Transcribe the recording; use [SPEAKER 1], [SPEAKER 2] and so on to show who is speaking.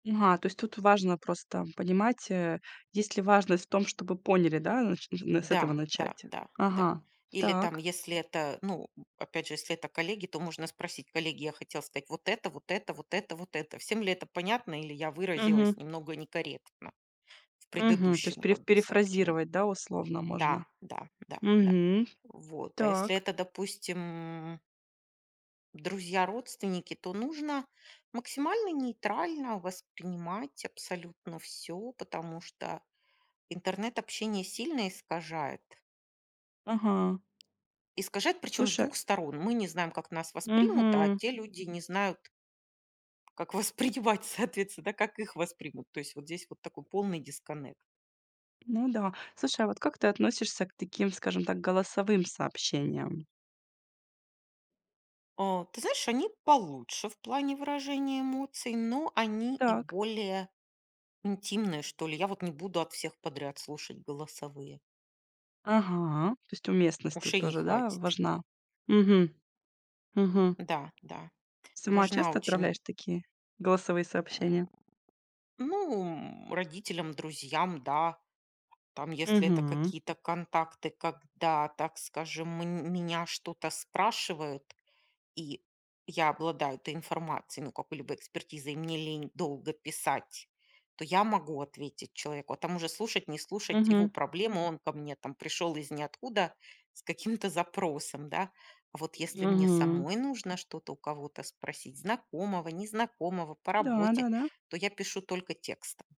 [SPEAKER 1] М, ага, то есть тут важно просто понимать, э, есть ли важность в том, чтобы поняли, да, нач н н с этого
[SPEAKER 2] Да да
[SPEAKER 1] начать.
[SPEAKER 2] да да.
[SPEAKER 1] Ага,
[SPEAKER 2] Или там,
[SPEAKER 1] так.
[SPEAKER 2] если это, ну, м, опять же, если это коллеги, то можно спросить: "Коллеги, я хотел стать вот это, вот это, вот это, вот это. Всем ли это понятно, или я выразилась
[SPEAKER 1] Мгм.
[SPEAKER 2] немного некорректно в
[SPEAKER 1] Мгм. То есть
[SPEAKER 2] предыдущем
[SPEAKER 1] преф
[SPEAKER 2] как бы сообщении?"
[SPEAKER 1] перефразировать, да, условно можно.
[SPEAKER 2] Да да да да.
[SPEAKER 1] Мгм.
[SPEAKER 2] Вот, а если
[SPEAKER 1] Так.
[SPEAKER 2] это, допустим друзья, родственники, то нужно максимально нейтрально воспринимать абсолютно всё, потому что интернет общение сильно искажает.
[SPEAKER 1] Ага.
[SPEAKER 2] Искажает причём с
[SPEAKER 1] Слушай
[SPEAKER 2] 2 сторон. Мы не знаем, как нас воспримут, а
[SPEAKER 1] Мгм.
[SPEAKER 2] те люди не знают, как воспринимать, соответственно, да, как их воспримут. То есть вот здесь вот такой полный дисконнект.
[SPEAKER 1] Ну да. Слушай, а вот как ты относишься к таким, скажем так, голосовым сообщениям?
[SPEAKER 2] А, ты знаешь, они получше в плане выражения эмоций, но они и
[SPEAKER 1] Так.
[SPEAKER 2] более интимные, что ли. Я вот не буду от всех подряд слушать голосовые.
[SPEAKER 1] Ага, то есть уместность тут
[SPEAKER 2] Ушей не
[SPEAKER 1] тоже, да,
[SPEAKER 2] хватит.
[SPEAKER 1] важна. Мгм, мгм.
[SPEAKER 2] Да, да,
[SPEAKER 1] Сама
[SPEAKER 2] важна
[SPEAKER 1] часто
[SPEAKER 2] очень.
[SPEAKER 1] отправляешь такие голосовые
[SPEAKER 2] М,
[SPEAKER 1] сообщения?
[SPEAKER 2] ну, м, родителям, друзьям, да. Там если это
[SPEAKER 1] Мгм.
[SPEAKER 2] какие-то контакты, когда, так скажем, мн м меня что-то спрашивают, и я обладаю этой информацией, ну, какой-либо экспертизой, и мне лень долго писать, то я могу ответить человеку, а там уже слушать, не слушать- его
[SPEAKER 1] Мгм.
[SPEAKER 2] проблемы. Он ко мне там пришел из ниоткуда с каким-то запросом, да. А вот если мне
[SPEAKER 1] Мгм.
[SPEAKER 2] самой нужно что-то у кого-то спросить, знакомого, незнакомого по работе,
[SPEAKER 1] Да-да-да.
[SPEAKER 2] то я пишу только текстом.